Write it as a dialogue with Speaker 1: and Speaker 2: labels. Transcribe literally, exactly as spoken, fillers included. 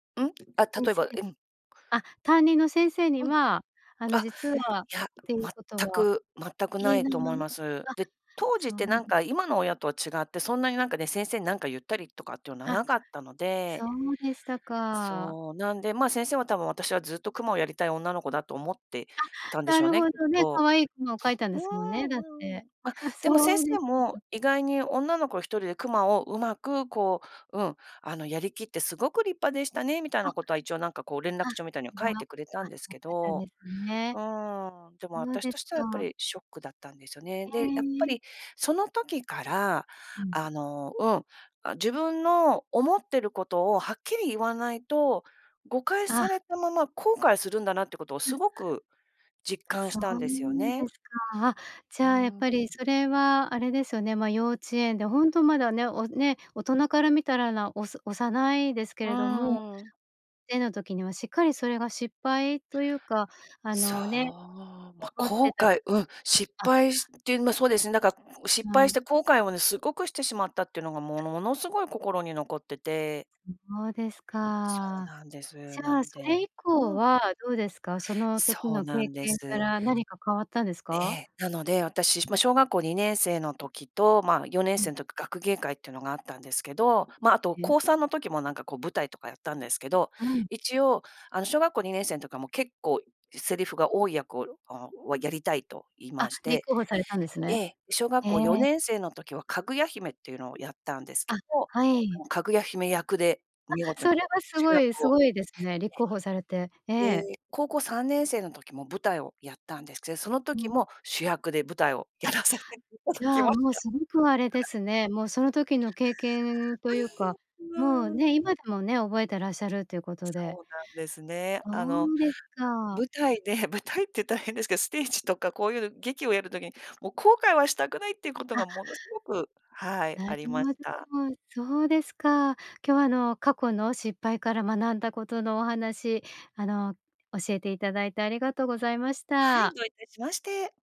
Speaker 1: うん？あ、
Speaker 2: 先
Speaker 1: 例え
Speaker 2: 生
Speaker 1: ば、え、うん。
Speaker 2: あ、担任の先生に
Speaker 1: うん。
Speaker 2: は、あの、
Speaker 1: あ、
Speaker 2: 実
Speaker 1: い
Speaker 2: はっ
Speaker 1: や、
Speaker 2: ていうこと
Speaker 1: 全
Speaker 2: は
Speaker 1: く全く
Speaker 2: 言
Speaker 1: な
Speaker 2: え
Speaker 1: い
Speaker 2: な
Speaker 1: と
Speaker 2: いま
Speaker 1: 思い
Speaker 2: ま？
Speaker 1: ます。
Speaker 2: あ、
Speaker 1: で、当時っ
Speaker 2: そう
Speaker 1: てなん
Speaker 2: で
Speaker 1: か今の親とは違って、そんなになんかね、先生になんか言ったりとかっていうのは
Speaker 2: あ、
Speaker 1: なかったの
Speaker 2: そ
Speaker 1: で、
Speaker 2: うでしたか。
Speaker 1: そう、なんで、まあ、先生は多分私はずっとクマをやりたい女の子だと思ってたん
Speaker 2: あ、
Speaker 1: でし
Speaker 2: な
Speaker 1: ょう
Speaker 2: る
Speaker 1: ね、
Speaker 2: ほ
Speaker 1: きっ
Speaker 2: どね、
Speaker 1: と。
Speaker 2: 可愛いクマを描いたん
Speaker 1: う
Speaker 2: で
Speaker 1: ー
Speaker 2: すもんね、だっ
Speaker 1: ん、う
Speaker 2: て。
Speaker 1: ん。あ、
Speaker 2: は、
Speaker 1: でも先
Speaker 2: そうで
Speaker 1: 生
Speaker 2: し
Speaker 1: も、
Speaker 2: たか。
Speaker 1: 意外に女の子ひとりでクマを上手くこう、うん、あの、やりきってすごく立派でしたねみたい
Speaker 2: あ。
Speaker 1: なことは、一応なんかこう連絡
Speaker 2: あ、ク
Speaker 1: 帳みたいには書
Speaker 2: マ、あ、
Speaker 1: いてくれたんです
Speaker 2: よか
Speaker 1: け
Speaker 2: ったで
Speaker 1: ど。
Speaker 2: すね。
Speaker 1: うーん、でも、あ
Speaker 2: そう
Speaker 1: たし
Speaker 2: で
Speaker 1: と
Speaker 2: す
Speaker 1: してはやっぱ
Speaker 2: か。
Speaker 1: りショックだったんですよね。
Speaker 2: うん
Speaker 1: で、やっぱ
Speaker 2: うん。
Speaker 1: りその時から、
Speaker 2: うん。
Speaker 1: あの、うん、あ、自分の思ってることをはっきり言わないと、誤解され
Speaker 2: あ。
Speaker 1: たまま後悔するんだなってことを
Speaker 2: う。
Speaker 1: すごく実感し
Speaker 2: そ
Speaker 1: たんですよ
Speaker 2: う
Speaker 1: ね。
Speaker 2: ですか。あ、じ
Speaker 1: う
Speaker 2: ゃあ、やっ
Speaker 1: ーん。
Speaker 2: ぱりそれはあれですよね、ま、幼稚園でほんとまだね、おね、大人から見たらなおす幼いですけ
Speaker 1: うー
Speaker 2: れども、
Speaker 1: ん、うんうん。
Speaker 2: 絵の時にはしっかりそれが失敗というか、あ
Speaker 1: そう、
Speaker 2: のね、
Speaker 1: ま、
Speaker 2: 思って
Speaker 1: 後
Speaker 2: た、
Speaker 1: 悔うん、失
Speaker 2: あ
Speaker 1: 敗してま、そうですね、だか、失
Speaker 2: う
Speaker 1: 敗
Speaker 2: ん。
Speaker 1: して後悔をね、すごくしてしまったっていうのがものものすごい心に残ってて
Speaker 2: ん、そうです
Speaker 1: そう
Speaker 2: か。
Speaker 1: なんです。
Speaker 2: じ
Speaker 1: な
Speaker 2: ゃあ
Speaker 1: ん
Speaker 2: それ
Speaker 1: で
Speaker 2: 以降
Speaker 1: うん。
Speaker 2: はどうですか？その時
Speaker 1: そう
Speaker 2: の
Speaker 1: な
Speaker 2: 経
Speaker 1: んで
Speaker 2: 験か
Speaker 1: す。
Speaker 2: ら何か変わったんです
Speaker 1: え
Speaker 2: か？
Speaker 1: え。なので、私、ま、小学校にねんせいの時と、まあ、よねん
Speaker 2: う
Speaker 1: せ
Speaker 2: ん。
Speaker 1: いん時、学芸会っていうのがあったんですけど、ま、あと
Speaker 2: え？
Speaker 1: こうさん時も、なんかこう舞台とかやったんですけど、
Speaker 2: うん。
Speaker 1: 一応、あの、小学校にねんせいんとかも結構セリフが多い役を、ん、あ、わやりたいと言い
Speaker 2: あ、
Speaker 1: まし
Speaker 2: 立
Speaker 1: て
Speaker 2: 候補されたんです
Speaker 1: え
Speaker 2: ね。
Speaker 1: え、小学
Speaker 2: へえ。
Speaker 1: 校よねんせいの時はかぐや姫っていうのをやったんですけ
Speaker 2: あ、
Speaker 1: ど、
Speaker 2: はい。
Speaker 1: かぐや姫役で
Speaker 2: あ、
Speaker 1: 見事に
Speaker 2: それはす
Speaker 1: 主
Speaker 2: ごい、
Speaker 1: 役
Speaker 2: す
Speaker 1: を、
Speaker 2: ごいですね。立候補されて、え
Speaker 1: え。
Speaker 2: え。
Speaker 1: で、高校さんねんせいの時も舞台をやったんです、くせその
Speaker 2: う
Speaker 1: 時
Speaker 2: ん。
Speaker 1: も主役で舞台を
Speaker 2: あ、
Speaker 1: やらさせていただ
Speaker 2: じ
Speaker 1: き
Speaker 2: ゃあ
Speaker 1: まし
Speaker 2: もう
Speaker 1: た。
Speaker 2: す
Speaker 1: は
Speaker 2: ごくあれで
Speaker 1: い。
Speaker 2: すね、もうその時の経験というか、
Speaker 1: うん。
Speaker 2: もう
Speaker 1: まあ。
Speaker 2: ね、今でもね、覚えてらっしゃるということで。
Speaker 1: そうなんですね。
Speaker 2: そ
Speaker 1: あの、
Speaker 2: うです
Speaker 1: ま、
Speaker 2: か。
Speaker 1: 舞台で舞台って大変ですけど、ステージとかこういう劇をやる時に、もう後悔はしたくないっていうこと
Speaker 2: あ。
Speaker 1: がものすごく、はい、
Speaker 2: なる
Speaker 1: ありま
Speaker 2: ほ
Speaker 1: し
Speaker 2: ど、
Speaker 1: た。
Speaker 2: そうですか。今日は、あの、過去の失敗から学んだことのお話、あの、教えていただいてありがとうございまし
Speaker 1: はい、
Speaker 2: た。
Speaker 1: どういたしまして。